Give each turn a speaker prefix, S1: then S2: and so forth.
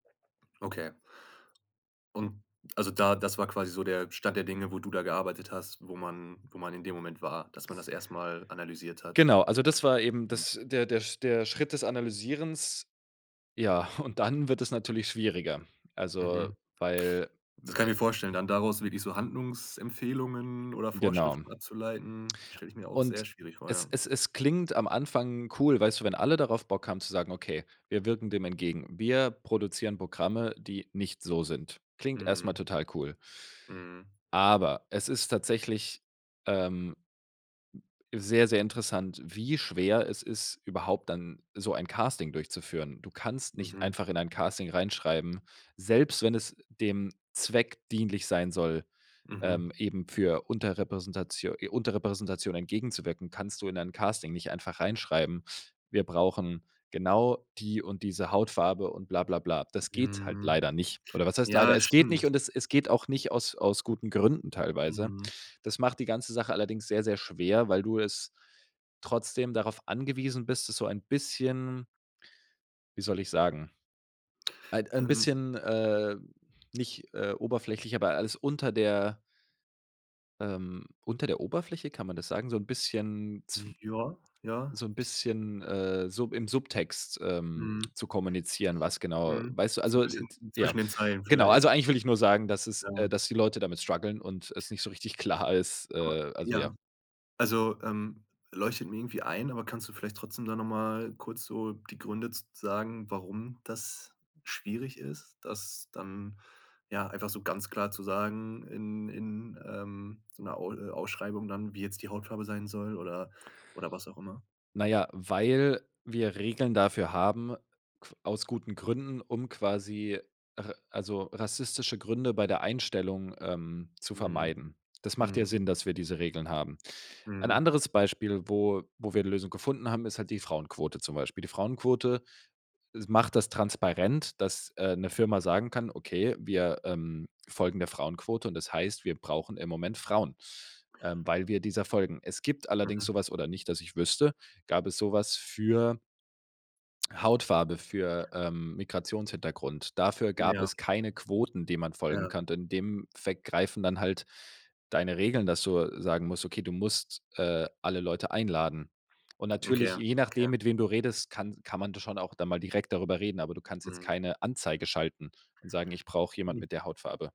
S1: Okay. Und also da das war quasi so der Stand der Dinge, wo du da gearbeitet hast, wo man wo man in dem Moment war. Dass man das erst mal analysiert hat?
S2: Genau, also das war eben
S1: Mhm.
S2: das der der der Schritt des Analysierens. Ja, und dann wird es natürlich schwieriger. Also,
S1: Mhm.
S2: weil
S1: Das kann ich mir vorstellen, dann daraus wirklich so Handlungsempfehlungen oder
S2: Genau.
S1: Vorschriften abzuleiten, das stelle ich mir auch sehr
S2: Und
S1: schwierig vor,
S2: es
S1: ja.
S2: es es klingt am Anfang cool, weißt du, wenn alle darauf Bock haben zu sagen: „Okay, wir wirken dem entgegen, wir produzieren Programme, die nicht so sind.” Klingt erst mal
S1: Mhm.
S2: total cool.
S1: Mhm.
S2: Aber, es ist tatsächlich, ähm sehr, sehr interessant, wie schwer es ist, überhaupt dann so ein Casting durchzuführen. Du kannst nicht
S1: Mhm.
S2: einfach in ein Casting reinschreiben, selbst wenn es dem Zweck dienlich sein soll,
S1: Mhm.
S2: ähm, eben für Unterrepräsentatio äh, Unterrepräsentation entgegenzuwirken kannst du in ein Casting nicht einfach reinschreiben: „Wir brauchen genau die und diese Hautfarbe” und bla bla bla. Das geht halt
S1: Mhm.
S2: leider nicht. Oder was heißt leider?
S1: Ja,
S2: Es geht nicht,
S1: stimmt.
S2: und es es geht auch nicht aus aus guten Gründen teilweise.
S1: Mhm.
S2: Das macht die ganze Sache allerdings sehr, sehr schwer, weil du es trotzdem darauf angewiesen bist, das so ein bisschen wie soll ich sagen, ein ein
S1: Ähm.
S2: bisschen, äh, nicht, äh, oberflächlich, aber alles unter der ähm, unter der Oberfläche, kann man das sagen? So 'n bisschen zw
S1: Ja, ja.
S2: so 'n
S1: Ich
S2: bisschen, äh, sub im Subtext, ähm,
S1: Mhm.
S2: zu kommunizieren, was genau
S1: Mhm,
S2: weißt du?
S1: so 'n
S2: Also i
S1: bisschen
S2: d ja.
S1: zwischen den Zeilen
S2: Genau.
S1: vielleicht.
S2: Also eigentlich will ich nur sagen, dass es äh,
S1: Ja.
S2: dass die Leute damit strugglen und es nicht so richtig klar ist,
S1: Aber
S2: äh also
S1: Ja.
S2: ja.
S1: Also, ähm, leuchtet mir irgendwie ein, aber kannst du vielleicht trotzdem da noch mal kurz so die Gründe z sagen, warum das schwierig ist, das dann, ja, einfach so ganz klar zu sagen in in, ähm, so 'ner Aul äh, Ausschreibung dann, wie jetzt die Hautfarbe sein soll oder oder was auch immer?
S2: Na ja, weil wir Regeln dafür haben qu aus guten Gründen, um quasi ra also rassistische Gründe bei der Einstellung, ähm, zu
S1: Mhm.
S2: vermeiden. Das macht ja
S1: Mhm.
S2: Sinn, dass wir diese Regeln haben. Ein
S1: Mhm.
S2: anderes Beispiel, wo wo wir die Lösung gefunden haben, ist halt die Frauenquote zum Beispiel. Die Frauenquote macht das transparent, dass, äh, 'ne Firma sagen kann: „Okay, wir, ähm, folgen der Frauenquote, und das heißt, wir brauchen im Moment Frauen, ähm, weil wir dieser folgen.” Es gibt allerdings
S1: Mhm.
S2: so was oder nicht, dass ich wüsste gab es so was für Hautfarbe, für, ähm, Migrationshintergrund. Dafür gab
S1: Ja.
S2: es keine Quoten, denen man folgen
S1: Ja.
S2: kann. In dem Effekt greifen dann halt deine Regeln, dass du sagen musst, okay, du musst, äh, alle Leute einladen. Und
S1: Okay,
S2: natürlich, je
S1: okay.
S2: nachdem, mit wem du redest, kann kann man da schon auch da mal direkt darüber reden, aber du kannst jetzt
S1: Mhm.
S2: keine Anzeige schalten und sagen: „Ich brauche jemand
S1: Mhm.
S2: mit der Hautfarbe.”